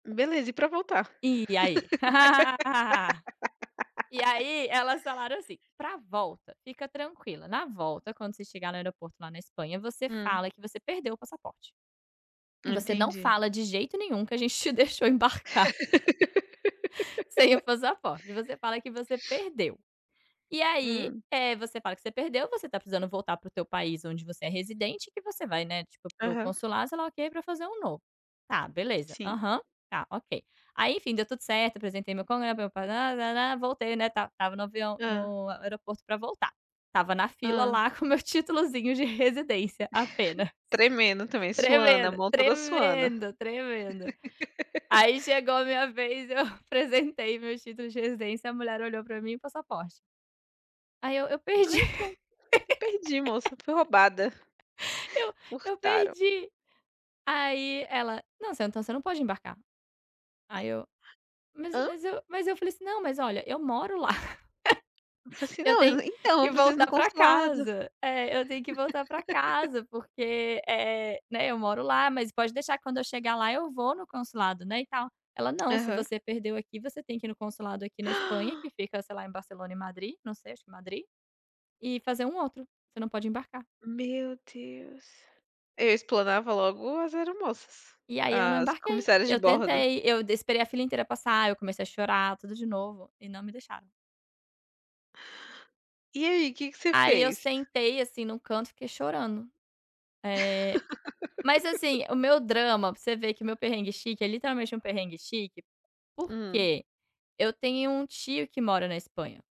Beleza, e pra voltar? E aí? E aí elas falaram assim: "Pra volta fica tranquila, na volta quando você chegar no aeroporto lá na Espanha você Hum. fala que você perdeu o passaporte. Você não Entendi. fala de jeito nenhum que a gente te deixou embarcar" "sem o passaporte, você fala que você perdeu. E aí, Hum. eh, você fala que você perdeu, você tá precisando voltar para o teu país onde você é residente e que você vai, né, tipo, para o para o Aham. consulado, sei lá o que, pra fazer um novo". Tá, beleza, Sim. aham, tá ok. Aí, enfim, deu tudo certo, apresentei meu [unintelligible] voltei, né, tal, estava no avião Hã. no aeroporto pra voltar. Estava na fila Hã. lá com o meu títulozinho de residência apenas. Tremendo também, suando, a Tremendo, mão toda suando. tremendo, tremendo. Aí chegou a minha vez, eu apresentei meu título de residência, a mulher olhou pra mim: "O passaporte?" Aí eu: "Eu perdi". Falei: "Então, eu perdi moça, fui roubada, Eu: "Eu furtaram". perdi". Aí ela: "Não, você então você não pode embarcar". Aí eu mas Hã? mas eu mas eu falei assim: "Não, mas olha, eu moro lá. Eu falei assim: Eu tenho "Não, então que eu preciso ir no voltar pra consulado". casa é, eu tenho que voltar pra casa, porque, eh, né, eu moro lá. Mas pode deixar que quando eu chegar lá eu vou no consulado, né, e tal". Ela: "Não, se Aham. você perdeu aqui você tem que ir no consulado aqui na Espanha, que fica, sei lá, em Barcelona e Madrid, não sei, acho que Madrid, e fazer um outro. Você não pode embarcar". Meu Deus! Eu explanava logo as aeromoças, E aí eu não as embarquei. comissárias de Eu bordo. tentei, eu d esperei a fila inteira passar, eu comecei a chorar tudo de novo e não me deixaram. E aí, que que você Aí eu fez? sentei, assim, num canto e fiquei chorando. Eh, mas, assim, o meu drama você vê que meu perrengue chique é literalmente um perrengue chique, Hum. porque eu tenho um tio que mora na Espanha.